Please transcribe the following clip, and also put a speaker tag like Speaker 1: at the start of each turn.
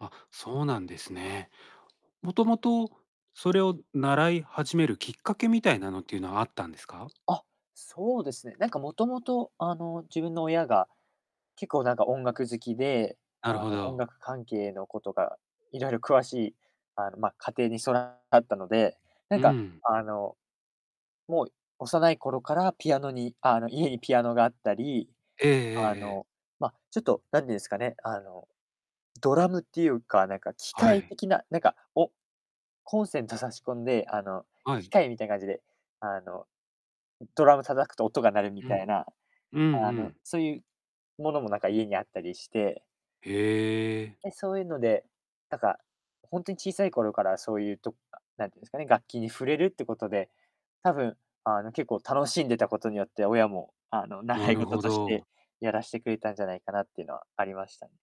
Speaker 1: あ、そうなんですね。もともと、それを習い始めるきっかけみたいなのっていうのは、あったんですか？
Speaker 2: あ、そうですね。なんかもともと、あの、自分の親が、結構なんか音楽好きで、
Speaker 1: なる
Speaker 2: あ
Speaker 1: ほ
Speaker 2: の、音
Speaker 1: ど。
Speaker 2: 楽関係のことが、いろいろ詳しい、あの、ま、家庭にそだ [unintelligible] だったので、な
Speaker 1: う
Speaker 2: ん
Speaker 1: んう
Speaker 2: か、
Speaker 1: ん。
Speaker 2: あの、もう幼い頃からピアノにあの、家にピアノがあったり、
Speaker 1: えええ
Speaker 2: あ
Speaker 1: えええ。
Speaker 2: の、ま、ちょっと、何てんすかね、あの、ドラムっていうか、なんか機
Speaker 1: は
Speaker 2: 械
Speaker 1: い。
Speaker 2: 的な、なんか、おコンセント差し込んで、あの、
Speaker 1: は
Speaker 2: 機
Speaker 1: い。
Speaker 2: 械みたいな感じで、あの、ドラム叩くと音が鳴るみ
Speaker 1: う
Speaker 2: た
Speaker 1: ん。
Speaker 2: いな、
Speaker 1: うん
Speaker 2: あ
Speaker 1: う
Speaker 2: の、
Speaker 1: ん。
Speaker 2: そういうものも、なんか、家にあったりして
Speaker 1: へえ。
Speaker 2: で、そういうので、なんか、ほんとに小さい頃からそういうとか何てんすかね、楽器に触れるってことで、多分、あの、結構楽しんでたことによって、親も、あの、
Speaker 1: な
Speaker 2: 習い
Speaker 1: る
Speaker 2: 事
Speaker 1: ほ
Speaker 2: とし
Speaker 1: ど。
Speaker 2: て、やらしてくれたんじゃないかなっていうのはありました。